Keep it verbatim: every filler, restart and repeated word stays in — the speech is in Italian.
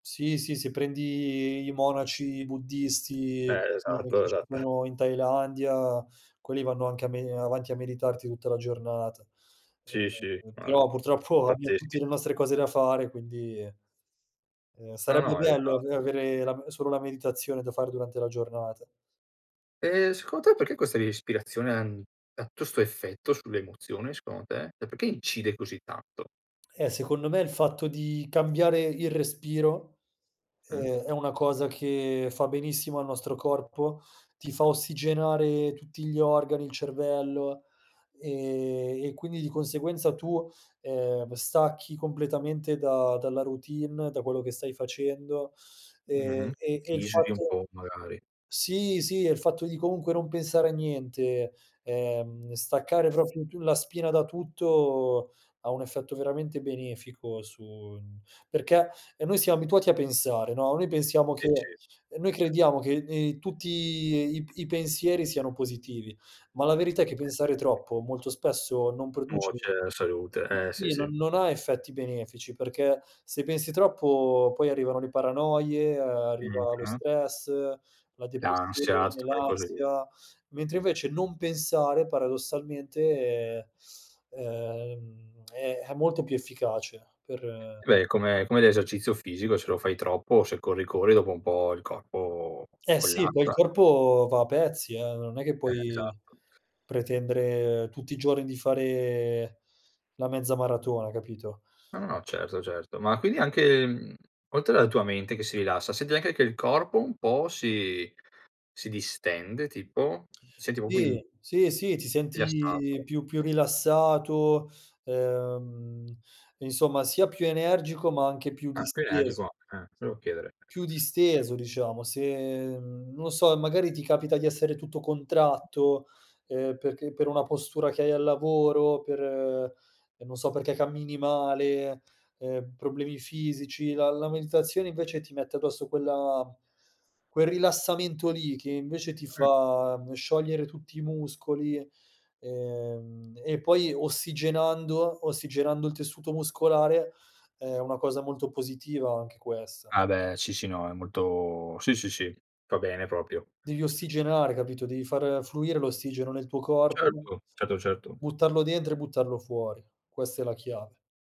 Sì, sì, se prendi i monaci buddisti Eh, che esatto, esatt partecipano in Thailandia, quelli vanno anche a me ehm, avanti a meditarti tutta la giornata. Eh, Sì, sì. eh, eh, Ma però purtroppo abbiam pazzeschi. tutti le nostre cose da fare, quindi, ehm, No, sarebbe no, bello ave esatto. avere la m solo la meditazione da fare durante la giornata. Eh, secon te perché questa ispirazione an ha tu 'sto effetto sulle emozioni secondo te? E perché incide così tanto? Eh, secondo me il fatto di cambiare il respiro, Mh. ehm, è una cosa che fa benissimo al nostro corpo, ti fa ossigenare tutti gli organi, il cervello, ehm, e quindi di conseguenza tu, ehm, stacchi completamente da dalla routine, da quello che stai facendo. Mh-mh. Ehm, e e Ti il isoli un fatto po' magari. sì, sì, e il fatto di comunque non pensare a niente, ehm, staccare propio tu la spina da tutto, ha un effetto veramente benefico su n perché, e noi siam abituati a pensare, no, noi pensiamo E che ce ehm, noi crediamo che, ehm, in tutti i i pensieri siano positivi, ma la verità è che pensare troppo molto spesso non produce Nuoce alla salute, eh, sì, sì, no sì. non ha effetti benefici, perché se pensi troppo poi arrivano le paranoie, ehm, arriva lo Mh-mh. stress, la L'ansia, depressione, tutte quelle cose lì. l'ansia, mentre invece non pensare paradossalmente, ehm, è è molto più efficace per Eh beh, è come come l'esercizio fisico se lo fai troppo, se corri corri, dopo un po' il corpo Eh, sì, poi collassa, il no. corpo va a pezzi, eh, non è che Eh, puoi esatto. pretendere tutti i giorni di fare la mezza maratona, capito? No, no no, certo certo. Ma quindi anche, mhmm, oltre alla tua mente che si rilassa, senti anche che il corpo un po' si si distende tipo? Senti popio in Sì. Sì, sì, ti Rilassato. senti più più rilassato, ehm, insomma, sia più energico, ma anche più Ah, più disteso. energico, eh, volevo chiedere. Più disteso, diciamo. Se, mhmm, non lo so, magari ti capita di essere tutto contratto, ehm, perché per una postura che hai al lavoro, per non so perché cammini male, ehm, problemi fisici, la la meditazione invece ti mette addosso quella quel rilassamento lì che invece ti Mh. fa sciogliere tutti i muscoli, ehm, e poi ossigenando ossigenando il tessuto muscolare è una cosa molto positiva anche questa. Ah, beh, sì, sì, no, è molto sì, sì, sì. Fa bene proprio. Devi ossigenare, capito? Devi far fluire l'ossigeno nel tuo corpo, Certo. Certo, certo. buttarlo dentro e buttarlo fuori. Questa è la chiave.